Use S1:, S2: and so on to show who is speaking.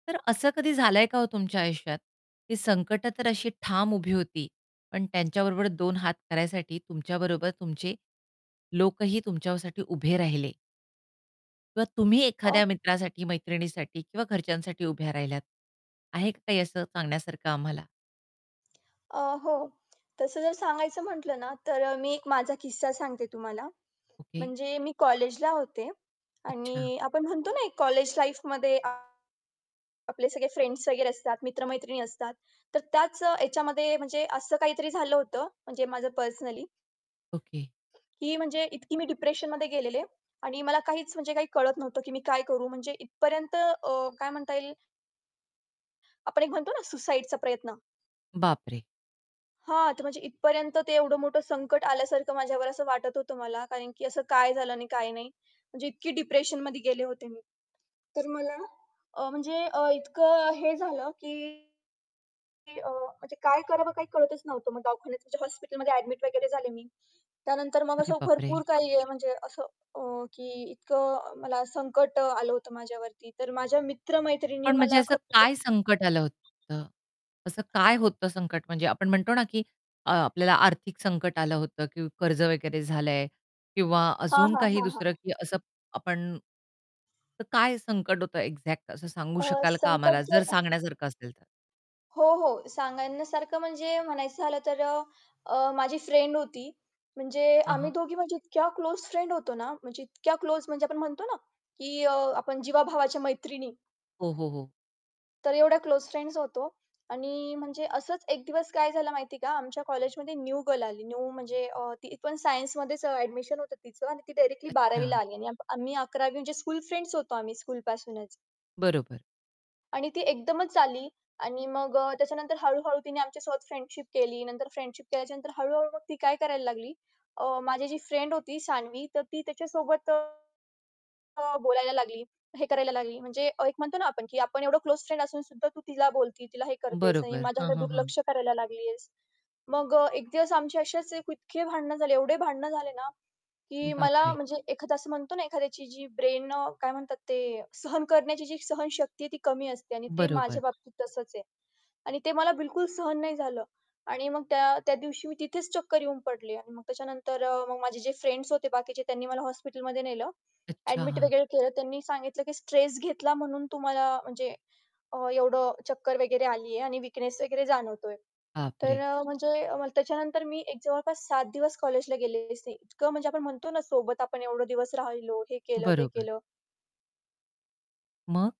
S1: तर असं कधी झालंय का ओ, तुमच्या आयुष्यात? ती संकटं तर अशी ठाम उभी होती, पण त्यांच्याबरोबर दोन हात करायसाठी तुमच्या बरोबर तुमचे लोकही तुमच्यासाठी उभे राहिले. किंवा तुम्ही
S2: अ
S1: एखाद्या मित्रासाठी, मैत्रिणीसाठी किंवा घरच्यांसाठी उभ्या राहिल्यात? आहे का काही असं सांगण्यासारखं आम्हाला?
S2: अ, हो तसं जर सांगायचं म्हटलं ना, तर मी एक माझा किस्सा सांगते तुम्हाला.
S1: ओके.
S2: म्हणजे मी कॉलेजला होते.
S1: अच्छा.
S2: आणि आपण म्हणतो ना, एक कॉलेज लाईफमध्ये, आपले सगळे फ्रेंड्स वगैरे असतात, मित्र-मैत्रिणी असतात. तर त्याच ह्याच्यामध्ये म्हणजे असं काहीतरी झालं होतं म्हणजे माझं पर्सनली.
S1: ओके.
S2: की म्हणजे इतकी मी डिप्रेशनमध्ये गेलेले. आणि मला काहीच म्हणजे काही कळत नव्हतं की मी काय करू? म्हणजे इथपर्यंत. अ, काय म्हणता येईल आपण एक म्हणतो ना, सुसाईडचा प्रयत्न.
S1: बापरे!
S2: हां, तर म्हणजे इथपर्यंत ते एवढं मोठं संकट आल्यासारखं माझ्यावर असं वाटत होतं मला. कारण की असं काय झालं आणि काय नाही म्हणजे इतकी डिप्रेशनमध्ये गेले होते मी. तर मला अ, म्हणजे अ, इतकं हे झालं की की अ, म्हणजे काय करावं काही कळतच नव्हतं. मग दवाखान्यात म्हणजे हॉस्पिटलमध्ये ॲडमिट वगैरे झाले मी. त्यानंतर मग
S1: अरे
S2: असं
S1: बापरे!
S2: भरपूर काही म्हणजे असं अ, की इतकं मला संकट आलं होतं माझ्यावरती, तर माझ्या मित्र-मैत्रिणी
S1: पण म्हणजे
S2: मला
S1: असं
S2: खरंच
S1: काय संकट आलं
S2: [unintelligible]
S1: होतं? असं काय होतं संकट म्हणजे आपण म्हणतो ना, की अ, आपल्याला आर्थिक संकट आलं होतं, की कर्ज वगैरे झालंय किंवा
S2: हां,
S1: अजून
S2: हां,
S1: काही
S2: हां, हां.
S1: दुसरं? की असं आपण तर काय संकट होतं एक्झॅक्ट असं सांगू
S2: अ,
S1: शकाल का आम्हाला,
S2: संकट
S1: जर
S2: ज
S1: सांगण्यासारखं असेल तर.
S2: हो, हो. सांगण्यासारखं म्हणजे म्हणायचं झालं तर अ, अ, माझी फ्रेंड होती. म्हणजे
S1: हां,
S2: आम्ही
S1: हां.
S2: दोघी म्हणजे इतक्या क्लोज फ्रेंड होतो ना, म्हणजे इतक्या क्लोज म्हणजे आपण म्हणतो ना, की अ, आपण जीवाभावाच्या मैत्रिणी.
S1: हो, हो, हो.
S2: तर एवढ्या क्लोज फ्रेंड्स होतो. आणि म्हणजे असंच एक दिवस काय झालं माहिती आहे का? आमच्या कॉलेजमध्ये न्यू गर्ल आली. न्यू म्हणजे अ, ती पण सायन्समध्येच अ, ॲडमिशन होतं तीचं आणि ती डायरेक्टली 12वी ला
S1: अच्छा.
S2: आली आणि आम्ही 11वी म्हणजे स्कूल फ्रेंड्स होतो आम्ही स्कूल पासूनच.
S1: बरोबर.
S2: आणि ती एकदमच आली आणि मग अ, त्याच्यानंतर हळू-हळू तिने आमच्यासोबत फ्रेंडशिप केली. नंतर फ्रेंडशिप केल्याच्यानंतर हळू-हळू मग ती काय करायला लागली. अ, माझी जी फ्रेंड होती सानवी, तर ती त्याच्यासोबत, अ, बोलायला लागली, हे करायला लागली म्हणजे एक म्हणतो ना, आपण की आपण एवढं क्लोज फ्रेंड असूनसुद्धा तू तिला बोलती, तिला हे करतेस आणि
S1: बरोबर. हां,
S2: माझ्याकडे
S1: हां, हां.
S2: दुर्लक्ष करायला लागलीयेस. मग अ, एक दिवस आमचे असेच इतके भांडणं झाले, एवढे भांडणं झाले ना, की मला
S1: बापरे!
S2: म्हणजे एखादा असं म्हणतो ना, एखाद्याची जी ब्रेन अ, काय म्हणतात ते सहन करण्याची जी सहनशक्ती आहे ती कमी असते आणि ते माझ्या
S1: बरोबर.
S2: बाबतीत तसंच आहे. आणि ते मला बिलकुल सहन नाही झालं आणि मग त्या त्या दिवशी मी तिथेच चक्कर येऊन पडले आणि मग त्याच्यानंतर अ, मग माझे जे फ्रेंड्स होते बाकीचे त्यांनी मला हॉस्पिटलमध्ये नेलं. ॲडमिट
S1: अच्छा.
S2: वगैरे केलं. त्यांनी सांगितलं की स्ट्रेस घेतला म्हणून तुम्हाला म्हणजे अ, एवढं चक्कर वगैरे आली आहे आणि विकनेस वगैरे जाणवतोय. तर
S1: बापरे!
S2: अ, म्हणजे त्याच्यानंतर मी एक जवळपास 7 दिवस कॉलेजला गेलेलेच नाही. इतकं म्हणजे आपण म्हणतो ना, सोबत आपण एवढे दिवस राहिलो, हे केलं ते
S1: बरोबर.
S2: केलं.
S1: मग?